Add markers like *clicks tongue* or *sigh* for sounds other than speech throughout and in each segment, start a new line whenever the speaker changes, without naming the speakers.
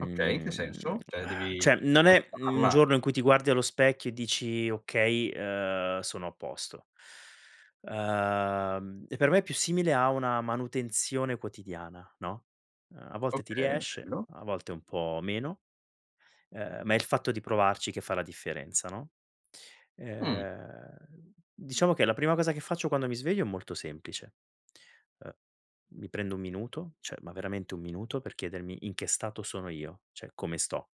Okay, in che senso? Cioè,
*exhales*
devi
cioè non è un
coltivarla?
giorno in cui ti guardi allo specchio e dici: "Okay, ehm, sono a posto." Ehm, e per me è più simile a una manutenzione quotidiana, no, ehm, a volte ti
Okay, è
riesce,
vero.
a volte un po' meno, ehm, ma è il fatto di provarci che fa la differenza, no,
Mh.
ehm diciamo che la prima cosa che faccio quando mi sveglio è molto semplice. E mi prendo un minuto, cioè ma veramente un minuto per chiedermi in che stato sono io, cioè come sto.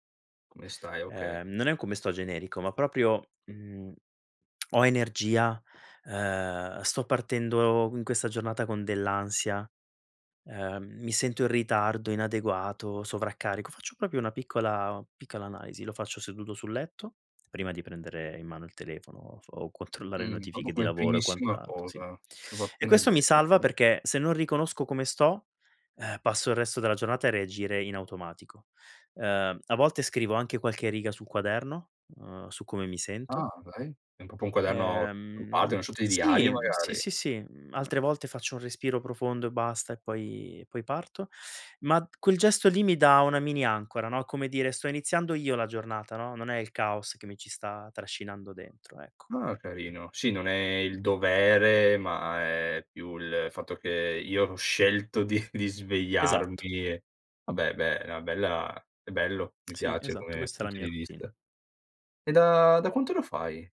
Come stai, okay.
Ehm, non è un come sto generico, ma proprio, mhmm, *clicks tongue* ho energia? Ehm, sto partendo in questa giornata con dell'ansia? Ehm, mi sento in ritardo, inadeguato, sovraccarico? Faccio proprio una piccola piccola analisi. Lo faccio seduto sul letto, prima di prendere in mano il telefono o so o controllare le
Mh, proprio
notifiche di
come
lavoro e
primissima
quant'altro, sì.
cosa, proprio
E
appena
questo mi
sveglio.
salva
Okay.
perché se non riconosco come sto, ehm, passo il resto della giornata a reagire in automatico. Ehm, a volte scrivo anche qualche riga sul quaderno, uhm, su come mi sento.
Ah dai, è proprio un quaderno o parli di
Ehm,
una sorta di
sì,
diario
mhmm sì,
magari?
sì,
Eh.
sì, mhmm, altre volte faccio un respiro profondo e basta e poi e poi parto. Ma q quel gesto lì mi dà una mini ancora, no, come dire: "Sto iniziando io la giornata," no, "Non è il caos che mi ci sta trascinando dentro," ecco.
Ah, carino. Sì, non è il dovere, ma è più il fatto che io l'ho scelto di di svegliarmi
Esatto.
e vabbè, beh, è una bella è bello, mi
Sì,
piace
esatto,
come
questa è la
punto
mia
di
routine.
vista. E da da quanto lo fai?